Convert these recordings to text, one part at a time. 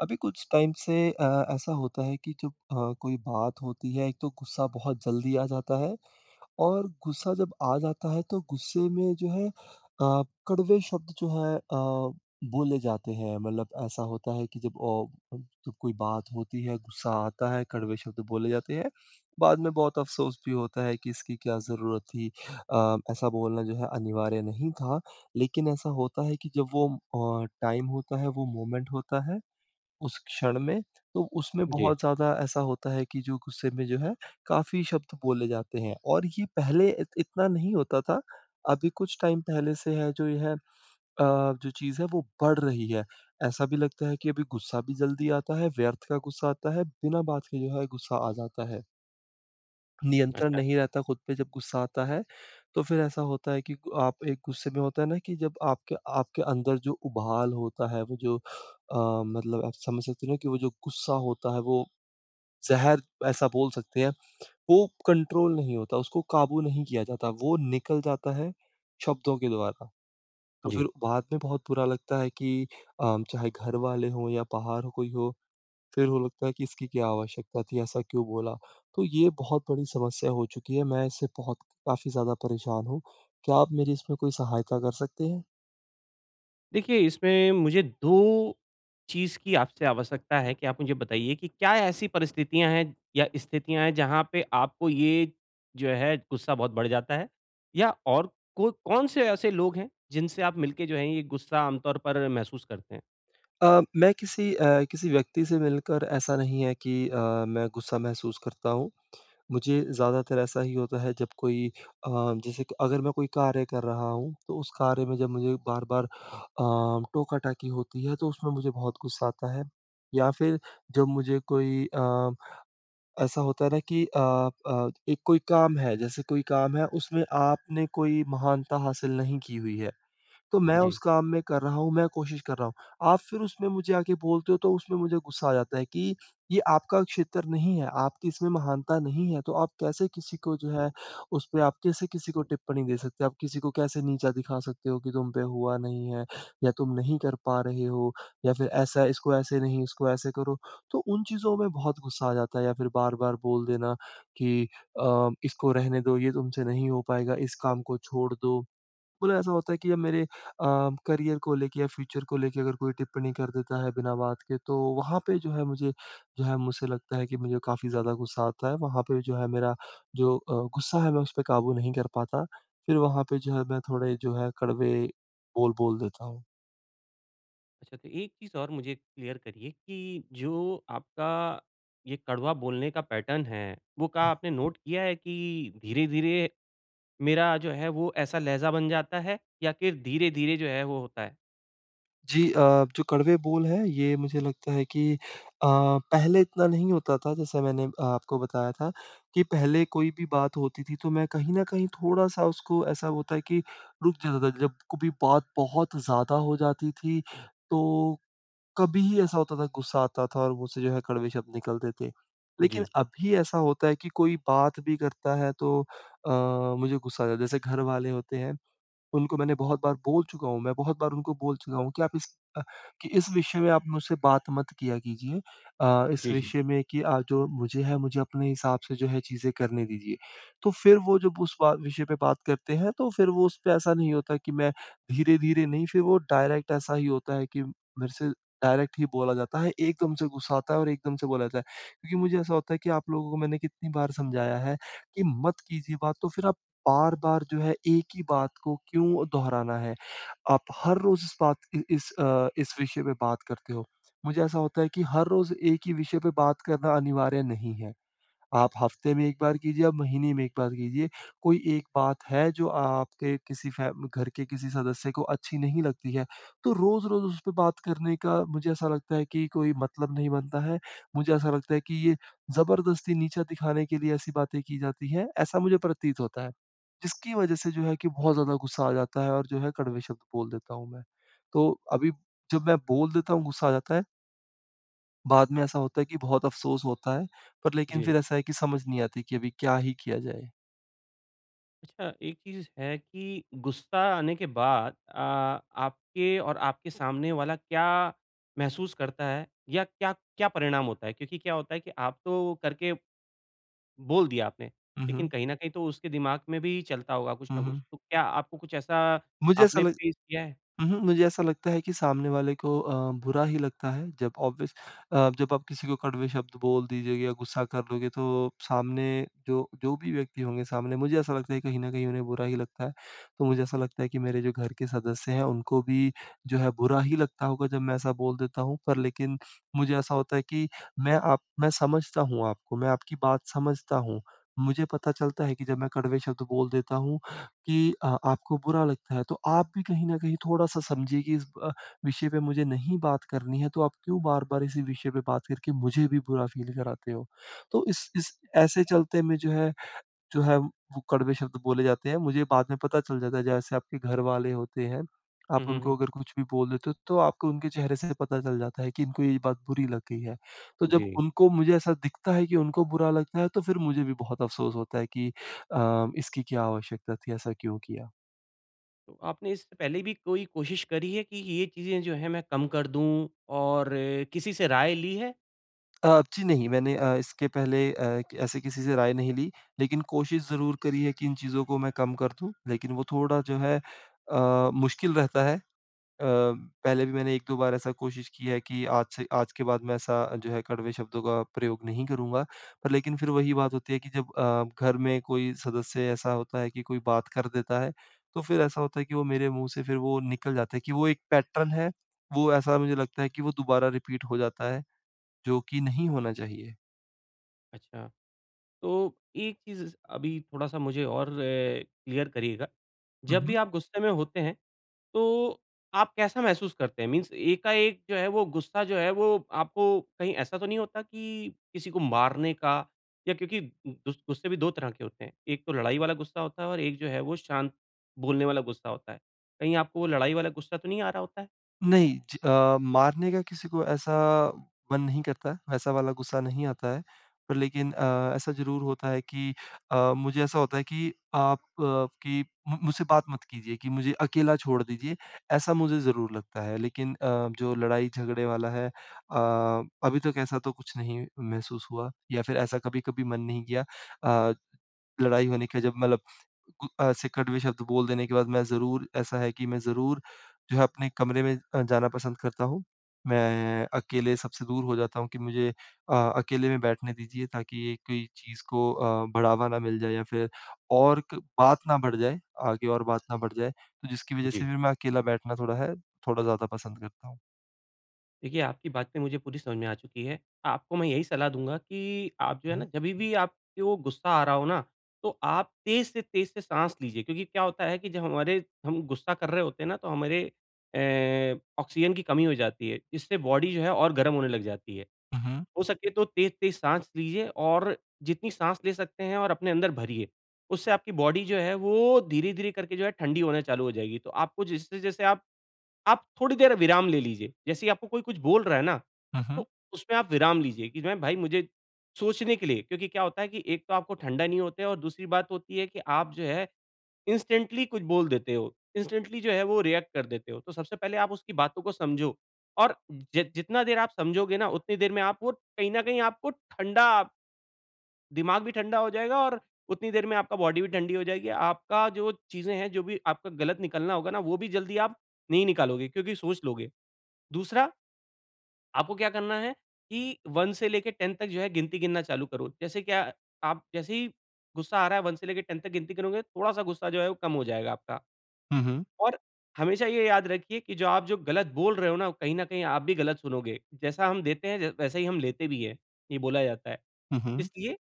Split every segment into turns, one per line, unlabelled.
अभी कुछ टाइम से अ, ऐसा होता है कि जब अ, कोई बात होती है एक तो गुस्सा बहुत जल्दी आ जाता है। और गुस्सा जब आ जाता है तो गुस्से में जो है अ, कड़वे शब्द जो हैं अ, बोले जाते हैं मतलब ऐसा होता है कि जब अ, उ तो कोई बात होती है गुस्सा आता है कड़वे शब्द बोले जाते हैं बाद में बहुत अफ़सोस भी होता है कि इसकी क्या ज़रूरत थी? अ, ऐसा बोलना जो है अनिवार्य नहीं था लेकिन ऐसा होता है कि जब वो अ, टाइम होता है वो मोमेंट होता है। उस क्षण में तो उसमें
जी।
बहुत ज़्यादा ऐसा होता है कि जो गुस्से में जो है काफ़ी शब्द बोले जाते हैं और ये पहले इत इतना नहीं होता था अभी कुछ टाइम पहले से है जो ये है अ, जो चीज़ है वो बढ़ रही है। ऐसा भी लगता है कि अभी गुस्सा भी जल्दी आता है व्यर्थ का गुस्सा आता है बिना बात के जो है गुस्सा आ जाता है। नियंत्रण
अच्छा।
नहीं रहता ख़ुद पे जब गुस्सा आता है तो फ़िर ऐसा होता है कि गु आप एक गुस्से में होता हैं ना कि जब आपके आपके अंदर जो उबाल होता है वो जो अ, मतलब आप समझ सकते हो ना कि वो जो गुस्सा होता है वो ज़हर ऐसा बोल सकते हैं। वो कंट्रोल नहीं होता उसको काबू नहीं किया जाता। वो निकल जाता है शब्दों के द्वारा। तो फ़िर
जी।
बाद में बहुत बुरा लगता है कि अ, चाहे घर वाले हों या बाहर ह कोई हो फ़िर वो लगता है कि इसकी क्या आवश्यकता थी ऐसा क्यों बोला? तो ये बहुत बड़ी समस्या हो चुकी है मैं इससे बहुत काफ़ी ज़्यादा परेशान हूँ। क्या आप मेरी इसमें कोई सहायता कर सकते हैं?
देखिए इसमें मुझे 2 चीज़ की आपसे आवश्यकता है कि आप मुझे बताईए की क्या ऐसी परिस्थितियाँ है या स्थितियाँ हैं जहाँ पे आपको ये जो है, ग़ुस्सा बहुत बढ़ जाता है? या और को कौन से ऐसे लोग हैं जिनसे आप मिलके जो हैं, ये ग़ुस्सा आमतौर पर महसूस करते हैं?
अ, मैं किसी अ, किसी व्यक्ति से मिलकर ऐसा नहीं हैं कि अ, मैं ग़ुस्सा महसूस करता हूँ। मुझे ज़्यादातर ऐसा ही होता है जब कोई अ, जैसे अगर मैं कोई कार्य कर रहा हूँ, तो उस कार्य में जब मुझे बार-बार अ, टोका-टाकी होती है तो उसमें मुझे बहुत ग़ुस्सा आता है। या फिर जब मुझे कोई अ, ऐसा होता है ना कि अ अ एक कोई काम है जैसे कोई काम है उसमें आपने कोई महानता हासिल नहीं की हुई है। तो मैं उस
जी।
काम में कर रहा हूँ, मैं क़ोशिश कर रहा हूँ। आप फिर उसमें मुझे आके बोलते हो तो उसमें मुझे ग़ुस्सा आ जाता है कि ये आपका क्षेत्र नहीं है। आपकी इसमें महानता नहीं है, तो आप कैसे किसी को जो है उसपे आप कैसे किसी को टिप्पणी दे सकते हो। आप किसी को कैसे नीचा दिखा सकते हो कि तुम पे हुआ नहीं है? या तुम नहीं कर पा रहे हो या फिर ऐसा इसको ऐसे नहीं, इसको ऐसे करो, तो उन चीज़ों में बहुत ग़ुस्सा आ जाता है या फिर बार-बार बोल देना कि अ, इसको रहने दो ये तुमसे नहीं हो पाएगा, इस काम को छोड़ दो। मतलब ऐसा होता है कि अब मेरे अ, करियर को लेके या फ्यूचर को लेके अगर कोई टिप्पणी कर देता है बिना बात के तो, वहाँ पे जो है मुझे जो है मुझसे लगता है कि, मुझे काफ़ी ज़्यादा ग़ुस्सा आता है। वहाँ पे जो है मेरा जो अ, ग़ुस्सा है मैं उसपे काबू नहीं कर पाता, फिर वहाँ पे जो है मैं थोड़े जो है कड़वे बोल, बोल देता हूँ।
अच्छा तो, एक चीज़ और मुझे क्लियर करिए कि जो आपका ये कड़वा बोलने का पैटर्न है, वो का
हुँ।
आपने नोट किया है कि, धीरे-धीरे मेरा जो है वो ऐसा लहज़ा बन जाता है, या फिर धीरे-धीरे जो है वो होता है?
जी अ, जो कड़वे बोल हैं ये मुझे लगता है कि अ, पहले इतना नहीं होता था जैसे मैंने अ, आपको बताया था कि पहले कोई भी बात होती थी, तो मैं कहीं न कहीं थोड़ा-सा उसको ऐसा होता है कि रुक जाता था। जब कभी बात बहुत ज़्यादा हो जाती थी, तो कभी ही ऐसा होता था गुस्सा आता था और मुँह से जो है कड़वे शब्द निकलते थे। लेकिन
जी।
अभी ऐसा होता है कि, कोई बात भी करता है तो अ, मुझे गुस्सा आ जाता है। जैसे घर वाले होते हैं, उनको मैंने बहुत बार बोल चुका हूँ, मैं बहुत बार उनको बोल चूका हूँ कि आप इस अ, कि इस विषय में आप मुझसे बात मत किया कीजिए। अ, इस
जी, जी।
विषय में कि अ, जो मुझे है मुझे अपने हिसाब से जो है चीज़ें करने दीजिए। तो फिर वो जब उस बा विषय पे बात करते हैं तो फिर वो उसपे ऐसा नहीं होता है कि मैं धीरे-धीरे नहीं फिर वो डायरेक्ट ऐसा ही होता है कि मेरे से डायरेक्ट ही बोला जाता है। एकदम से गुस्सा आता है और एकदम से बोला जाता है। क्योंकि मुझे ऐसा होता है कि आप लोगों को मैंने कितनी बार समझाया है कि, मत कीजिए बात तो फिर आप बार-बार जो है एक ही बात को क्यों दोहराना है? आप हर रोज़ इस बात इ इस अ, इस विषय पे बात करते हो। मुझे ऐसा होता है कि, हर रोज़ एक ही विषय पे बात करना अनिवार्य नहीं है। आप हफ्ते में एक बार कीजिए, आप महीने में एक बार कीजिए। कोई एक बात है जो आपके किसी फ़ै घर के किसी सदस्य को अच्छी नहीं लगती है, तो रोज़-रोज़ उसपे बात करने का मुझे ऐसा लगता है कि कोई मतलब नहीं बनता है। मुझे ऐसा लगता है कि ये जबरदस्ती नीचा दिखाने के लिए ऐसी बातें की जाती हैं, ऐसा मुझे प्रतीत होता है। जिसकी वजह से जो है कि बहुत ज़्यादा गुस्सा आ जाता है और जो है कड़वे शब्द बोल देता हूँ मैं। तो अभी जब मैं बोल देता हूँ, गुस्सा आ जाता है। बाद में ऐसा होता है कि बहुत अफ़सोस होता है, पर लेकिन
जी।
फ़िर ऐसा है कि समझ नहीं आती कि अभी क्या ही किया जाए?
अच्छा, एक चीज़ है कि गुस्सा आने के बाद अ, आपके और आपके सामने वाला क्या महसूस करता है? या क्या क्या परिणाम होता है क्योंकि क्या होता है कि आप तो करके बोल दिया आपने।
हुँ,
लेकिन
हुँ।
कहीं न कहीं, तो उसके दिमाग में भी चलता होगा कुछ
हुँ,
न
हुँ।
कुछ। तो क्या आपको कुछ ऐसा
मुझे ऐसा
आपने
लग
फेस किया हैं?
उहुँ। मुझे ऐसा लगता है कि सामने वाले को अ, बुरा ही लगता है जब ऑब्वियस अ, जब आप किसी को कड़वे शब्द बोल दीजिए या गुस्सा कर लोगे तो सामने जो जो भी व्यक्ति होंगे सामने मुझे ऐसा लगता है कहीं न कहीं उन्हें बुरा ही लगता है। तो मुझे ऐसा लगता है कि मेरे जो घर के सदस्य हैं उनको भी जो है बुरा ही लगता होगा जब मैं ऐसा बोल देता हूँ। पर लेकिन मुझे ऐसा होता है कि मैं आप मैं समझता हूँ आपको। मैं आपकी बात समझता हूँ मुझे पता चलता है कि जब मैं कड़वे शब्द बोल देता हूँ कि अ, आपको बुरा लगता है तो आप भी कहीं न कहीं थोड़ा-सा समझिए कि इस अ, विषय पे मुझे नहीं बात करनी है तो आप क्यों बार-बार इसी विषय पे बात करके मुझे भी बुरा फ़ील कराते हो। तो इस इस ऐसे चलते में जो है जो है वो कड़वे शब्द बोले जाते हैं। मुझे बाद में पता चल जाता है जैसे आपके घर वाले होते हैं, आप
हुँ, हुँ,
उनको
हुँ।
अगर कुछ भी बोल देते हो तो आपको उनके चेहरे से पता चल जाता है कि इनको ये बात बुरी लग गई है। तो जब
जी।
उनको मुझे ऐसा दिखता है कि उनको बुरा लगता है तो फ़िर मुझे भी बहुत अफ़सोस होता है कि अ, इसकी क्या आवश्यकता थी ऐसा क्यों किया?
तो आपने इससे पहले भी कोई कोशिश करी है कि, ये चीज़ें जो है मैं कम कर दूँ और किसी से राय ली है?
अ, जी नहीं, मैंने अ, इसके पहले अ, ऐसे किसी से राय नहीं ली, लेकिन कोशिश ज़रूर करी हैं कि इन चीज़ों को मैं कम कर दूँ लेकिन वो थोड़ा जो है अ, मुश्किल रहता है। अ, पहले भी मैंने एक-दो बार ऐसा कोशिश किया है कि आज से आज के बाद मैं ऐसा जो है कड़वे शब्दों का प्रयोग नहीं करूँगा। पर लेकिन फिर वही बात होती है कि, जब अ, घर में कोई सदस्य ऐसा होता है कि कोई बात कर देता है, तो फिर ऐसा होता है कि वो मेरे मुँह से फिर वो निकल जाता हैं कि वो एक पैटर्न है। वो ऐसा मुझे लगता है कि वो दोबारा रिपीट हो जाता है, जो कि नहीं होना चाहिए।
अच्छा, तो एक चीज़ अभी थोड़ा-सा मुझे और क्लियर करिएगा।
हुँ,
जब भी
हुँ।
आप गुस्से में होते हैं, तो आप कैसा महसूस करते हैं? मीन्स एका-एक जो है वो गुस्सा जो है, वो आपको कहीं ऐसा तो नहीं होता कि किसी को मारने का या क्योंकि गु गुस्से भी 2 तरह के होते हैं। 1 तो लड़ाई वाला गुस्सा होता है और 1 जो है वो शांत बोलने वाला गुस्सा होता है। कहीं आपको वो लड़ाई वाला गुस्सा तो नहीं आ रहा होता है?
नहीं। ज अ, मारने का किसी को ऐसा मन नहीं करता, वैसा वाला गुस्सा नहीं आता है। पर लेकिन अ, ऐसा ज़रूर होता है कि अ, मुझे ऐसा होता है कि आप की मु मुझसे बात मत कीजिए की मुझे अकेला छोड़ दीजिए, ऐसा मुझे ज़रूर लगता है। लेकिन अ, जो लड़ाई-झगड़े वाला है अ, अभी तक ऐसा तो कुछ नहीं महसूस हुआ या फिर ऐसा कभी-कभी मन नहीं किया। अ, लड़ाई होने के जब मतलब उ ऐसे कड़वे शब्द बोल देने के बाद मैं ज़रूर ऐसा है कि मैं ज़रूर जो है अपने कमरे में अ, जाना पसंद करता हूँ। मैं अकेले सबसे दूर हो जाता हूँ कि मुझे अ, अकेले में बैठने दीजिए ताकि एक ये चीज़ को अ, बढ़ावा ना मिल जाए या फिर और क बात ना बढ़ जाए आगे और बात ना बढ़ जाए, तो जिसकी वजह
जी।
से भी मैं अकेला बैठना थोड़ा है, थोड़ा ज़्यादा पसंद करता हूँ।
देखिए, आपकी बातें मुझे पूरी समझ में आ चुकी हैं। आपको मैं यही सलाह दूँगा कि आप जो है ना
हुँ।
जभी भी आपके वो गुस्सा आ रहा हो ना? तो आप तेज से तेज से साँस लीजिए क्योंकि क्या होता है कि जब हमारे हम गुस्सा कर रहे होते हैं ना तो हमारे ए आक्सीज़न की कमी हो जाती है। इससे बॉडी जो है और गरम होने लग जाती है।
हुँ, हुँ।
हो सके तो तेज-तेज साँस लीजिए और जितनी साँस ले सकते हैं और अपने अंदर भरिए, उससे आपकी बॉडी जो है वो धीरे-धीरे करके जो है ठंडी होना चालू हो जाएगी। तो आपको जैसे-जैसे आप आप थोड़ी देर विराम ले लीजिए, जैसे ही आपको कोई कुछ बोल रहा है ना?
हुँ, हुँ।
तो उसमें आप विराम लीजिए कि ना भई मुझे सोचने के लिए क्योंकि क्या होता है कि एक तो आपको ठंडा नहीं होते और दूसरी बात होती है कि आप जो है इंस्टेंटली कुछ बोल देते हो, इंस्टेंटली जो है वो रिएक्ट कर देते हो। तो सबसे पहले आप उसकी बातों को समझो और ज जितना देर आप समझोगे ना उतनी देर में आप वो कहीं न कहीं आपको ठंडा दिमाग भी ठंडा हो जाएगा और उतनी देर में आपका बॉडी भी ठंडी हो जाएगी। आपका जो चीज़ें हैं जो भी आपका गलत निकलना होगा ना वो भी जल्दी आप नहीं निकालोगे क्योंकि सोच लोगे। दूसरा आपको क्या करना है कि 1 से लेके 10 तक जो है गिनती गिनना चालू करो। जैसे क्या आप जैसे ही गुस्सा आ रहा है 1 से लेके 10 तक गिनती गिनोगे। थोड़ा-सा गुस्सा जो है वो कम हो जाएगा आपका।
हुँ, हुँ।
और हमेशा ये याद रखिए कि जो आप जो गलत बोल रहे हो ना, वो कहीं न कहीं आप भी गलत सुनोगे। जैसा हम देते हैं ज वैसा ही हम लेते भी हैं ये बोला जाता है।
हुँ, हुँ।
इसलिए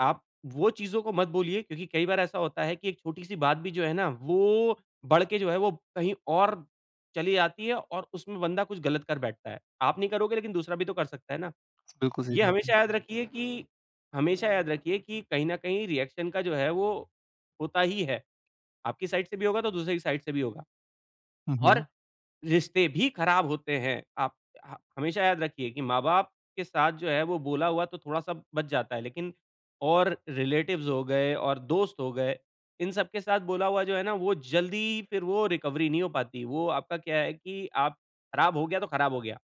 आप वो चीज़ों को मत बोलिए क्योंकि कई बार ऐसा होता है कि एक छोटी-सी बात भी जो है ना वो बढ़ के जो है वो कहीं और चली जाती है और उसमें बंदा कुछ गलत कर बैठता है। आप नहीं करोगे लेकिन दूसरा भी तो कर सकता है ना?
बिल्कुल, सही
ये
बात है।
हमेशा याद रखिए कि हमेशा याद रखिए कि कहीं न कहीं रिएक्शन का जो है वो होता ही है। आपकी साइड से भी होगा तो दूसरे की साइड से भी होगा
हुँ,
और
हुँ।
रिश्ते भी ख़राब होते हैं। आप ह हमेशा याद रखिए कि माँ-बाप के साथ जो है वो बोला हुआ तो थोड़ा-सा बच जाता है। लेकिन और रिलेटिव्स हो गए और दोस्त हो गए, इन सब के साथ बोला हुआ जो है ना वो ज़ल्दी ही फिर वो रिकवरी नहीं हो पाती। वो आपका क्या है कि, आप ख़राब हो गया तो ख़राब हो गया।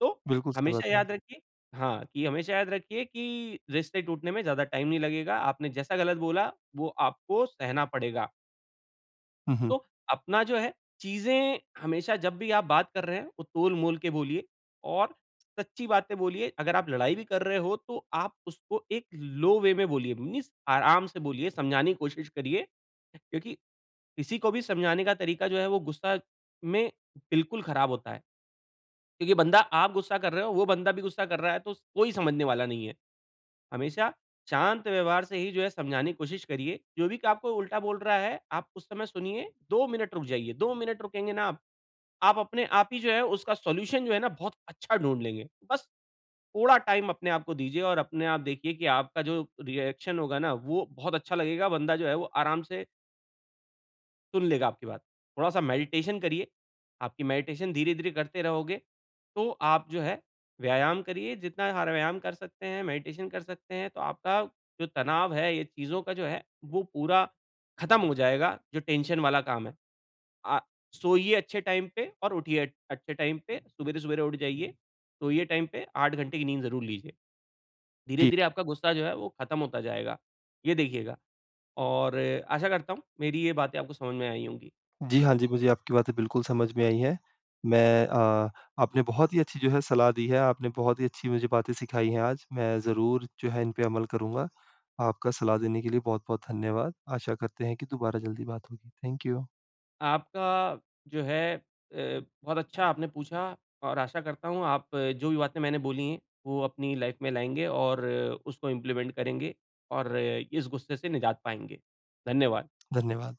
तो,
बिल्कुल सही बात
हमेशा
है।
याद रखिए हाँ, कि हमेशा याद रखिए कि रिश्ते टूटने में ज़्यादा टाइम नहीं लगेगा। आपने जैसा गलत बोला वो आपको सहना पड़ेगा।
हुँ, हुँ।
तो अपना जो है चीज़ें हमेशा जब भी आप बात कर रहे हैं वो तोल-मोल के बोलिए और सच्ची बातें बोलिए। अगर आप लड़ाई भी कर रहे हो तो आप उसको एक लो वे में बोलिए, मीन्स आराम से बोलिए, समझाने की कोशिश करिए। क्योंकि किसी को भी समझाने का तरीका जो है वो गुस्सा में बिल्कुल ख़राब होता है। क्योंकि बंदा आप गुस्सा कर रहे हो, वो बंदा भी गुस्सा कर रहा है तो स कोई समझने वाला नहीं है। हमेशा शांत व्यवहार से ही जो है समझाने की कोशिश करिए। जो भी आपको उल्टा बोल रहा है, आप उस समय सुनिए, 2 मिनट रुक जाइए, 2 मिनट रुकेंगे न आप, आप अपने आप ही जो है उसका सॉल्यूशन जो है न बहुत अच्छा ढूँढ लेंगे। बस थोड़ा टाइम अपने आप को दीजिए और अपने आप देखिए कि आपका जो रिएक्शन होगा न वो बहुत अच्छा लगेगा। बंदा जो है वो आराम से सुन लेगा आपकी बात। थोड़ा-सा मेडिटेशन करिए। आपकी मेडिटेशन धीरे-धीरे करते रहोगे तो आप जो है व्यायाम करिए, जितना हर व्यायाम कर सकते हैं, मेडिटेशन कर सकते हैं, तो आपका जो तनाव है ये चीज़ों का जो है वो पूरा ख़त्म हो जाएगा जो टेंशन वाला काम है। अ, सोइए अच्छे टाइम पे और उठिए अ, अच्छे टाइम पे। सवेरे-सवेरे उठ जाइए, सोइए टाइम पे 8 घंटे की नींद ज़रूर लीजिए।
जी।
धीरे-धीरे आपका गुस्सा जो है वो ख़त्म होता जाएगा, ये देखिएगा। और आशा करता हूँ मेरी ये बातें आपको समझ में आई होंगी।
जी। हाँ, जी मुझे आपकी बातें बिल्कुल समझ में आई है। मैं अ, आपने बहुत ही अच्छी जो है सलाह दी है, आपने बहुत ही अच्छी मुझे बातें सिखाई हैं आज। मैं ज़रूर जो है इन पे अमल करूँगा। आपका सलाह देने के लिए बहुत-बहुत धन्यवाद, आशा करते हैं कि दोबारा जल्दी बात होगी। Thank you.
आपका जो है अ, बहुत अच्छा आपने पूछा और आशा करता हूँ आप जो भी बातें मैंने बोली है वो अपनी लाइफ़ में लाएँगे और उसको इंप्लीमेंट करेंगे और इस गुस्से से निजात पाएँगे। धन्यवाद।
धन्यवाद।